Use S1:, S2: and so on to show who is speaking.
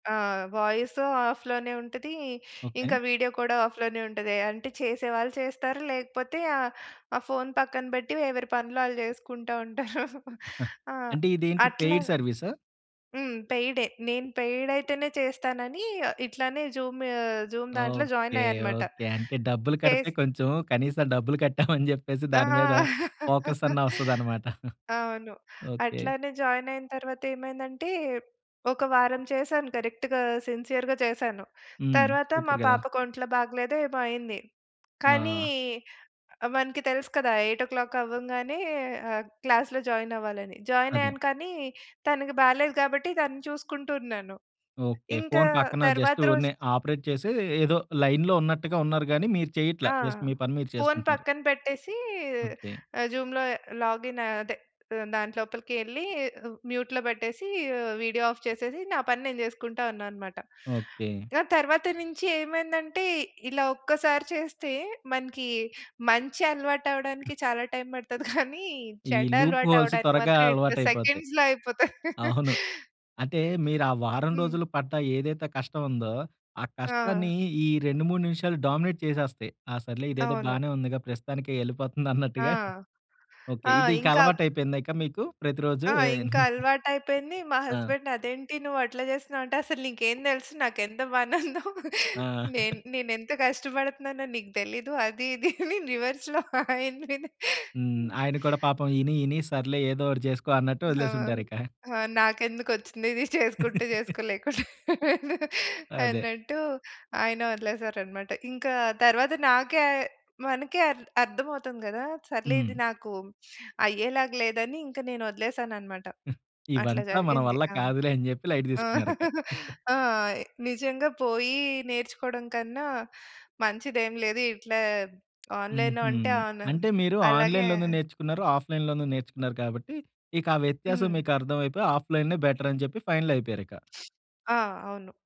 S1: ఆ! వాయిస్ ఆఫ్‌లోనే ఉంటది.
S2: ఓకే.
S1: ఇంక వీడియో కూడా ఆఫ్‌లోనే ఉంటది. అంటే చేసేవాళ్ళు చేస్తారు లేకపోతే ఆ! ఆ ఫోన్ పక్కన పెట్టి ఎవరి పనులు ఆళ్ళు జేసుకుంటా ఉంటారు. ఆ!
S2: అంటే ఇదేంటి
S1: అట్లా
S2: పెయిడ్ సర్విసా?
S1: హ్మ్. పెయిడే. నేను పెయిడ్ అయితేనే చేస్తానని ఇట్లనే జూమ్, జూమ్ దాంట్లో జాయిన్
S2: ఓకే.
S1: ఆయనన్మాట.
S2: ఓకే. అంటే డబ్బులు కడితే
S1: చేస్
S2: కొంచెం కనీసం డబ్బులు కట్టాం అని జేప్పేసి
S1: ఆ!
S2: దాని మీద ఫోకస్ అన్న ఒస్తదన్నమాట.
S1: అవును.
S2: ఓకే.
S1: అట్లనే జానైన తరువాత ఏమైందంటే ఒక వారం చేశాను కరెక్ట్‌గా సిన్సియర్‌గా చేశాను.
S2: హ్మ్.
S1: తరువాత
S2: సూపర్
S1: మా
S2: గదా!
S1: పాపకొంట్లో బాగాలేదో ఏమో అయింది. కానీ
S2: ఆ!
S1: మనకు తెలుసు కదా! 8 ఓ క్లాక్ అవ్వంగానే ఆహ్, క్లాస్‌లో జాయిన్ అవ్వాలని. జాయిన్
S2: అదే.
S1: అయ్యాను కానీ తనకి బాలేదు గాబట్టి తనని చూసుకుంటూ ఉన్నాను.
S2: ఓకే.
S1: ఇంకా
S2: ఫోన్ పక్కన
S1: తరువాత
S2: జస్ట్
S1: రోజు
S2: ఊరినే ఆపరేట్ చేసి ఏదో లైన్‌లో ఉన్నట్టుగా ఉన్నారు గానీ మీరు చేయట్ల
S1: ఆ!
S2: జస్ట్ మీ పని మీరు
S1: ఫోన్
S2: చేసుకుంటున్నారు.
S1: పక్కన పెట్టేసి
S2: ఓకే.
S1: ఆహ్, జూమ్‌లో లాగిన్ అదే ఆహ్, దాంట్లోపలికేళ్ళి మ్యూట్‌లో పెట్టేసి ఆహ్, వీడియో ఆఫ్ చేసేసి నా పని నేను జేసుకుంటా ఉన్నానన్నమాట.
S2: ఓకే.
S1: ఆ తరువాత నుంచి ఏమైందంటే ఇలా ఒక్కసారి చేస్తే మనకి మంచి అలవాటు అవ్వడానికి చాలా టైమ్ పడతది కానీ
S2: ఈ
S1: చెడు
S2: లూప్
S1: అలవాటు
S2: హోల్స్
S1: అవ్వడానికి
S2: త్వరగా
S1: మాత్రం ఇట్ల
S2: అలవాటైపో‌తయి.
S1: సెకండ్స్‌లో అయిపోతది.
S2: అవును. అంటే మీరు ఆ వారం
S1: హ్మ్.
S2: రోజులు పడ్డ ఏదైతే కష్టం ఉందో ఆ కష్టాన్ని
S1: ఆ!
S2: ఈ 2, 3 నిమిషాలు డామినేట్ చేసేస్తాయి. "ఆ! సర్లే ఇదేదో
S1: అవును.
S2: బానే ఉందిగా ప్రస్తుతానికి
S1: ఆ!
S2: ఎళ్ళిపోతుందన్నట్టుగా" ఓకే.
S1: ఆ! ఇంకా
S2: ఇదికలవాటైపోయింద ఇక మీకు ప్రతిరోజు
S1: ఆ!
S2: ఏ
S1: ఇంక అలవాటయిపోయింది. మా
S2: ఆ!
S1: హస్బెండ్ "అదేంటి నువ్వు అట్లా చేస్తున్నావు?" అంటే "అసలు నీకేం తెలుసు నాకెంత పనుందో.
S2: ఆ!
S1: నేను నేను నేనెంత కష్టపడుతున్నానో నీకు తెలీదు. అది ఇది" అని రివర్స్‌లో అయిన మీదే
S2: హ్మ్.
S1: హ్మ్.
S2: ఆయన కూడా పాపం ఇని ఇని సర్లే ఏదోటి చేసుకో అన్నట్టు
S1: హా!
S2: ఒదిలేసుంటారిక.
S1: హా నాకెందుకొచ్చింది ఇది చేసుకుంటే చేసుకో లేకపోతే
S2: అదే.
S1: అన్నట్టు ఆయన ఒదిలేసారన్నమాట. ఇంక తరువాత నాకే మనకే అర్ అర్థం అవుతుంది గదా! "సర్లే ఇది
S2: హ్మ్.
S1: నాకు అయ్యేలాగా లేదని" ఇంక నేను ఒదిలేసానన్నమాట. అట్లా
S2: ఇవంతా మన
S1: జరిగింది.
S2: వల్ల
S1: ఆ!
S2: కాదులే అని జెప్పి లైట్
S1: ఆ!
S2: తీసుకున్నారిక.
S1: ఆ! నిజంగా పోయి నేర్చుకోవడం కన్నా మంచిదేమి లేదు. ఇట్లా ఆన్లైన్‌లో
S2: హుహు.
S1: అంటే ఆన్
S2: అంటే మీరు
S1: అలాగే
S2: ఆన్లైన్‌‌లోను నేర్చుకున్నారు, ఆఫ్లైన్‌లోను నేర్చుకున్నారు కాబట్టి ఇక ఆ వ్యత్యాసం
S1: హ్మ్.
S2: మీకు అర్దమైపోయి ఆఫ్లైనే బెటర్ అని జేప్పి ఫైనల్ అయిపోయారు ఇక.
S1: ఆ! అవును.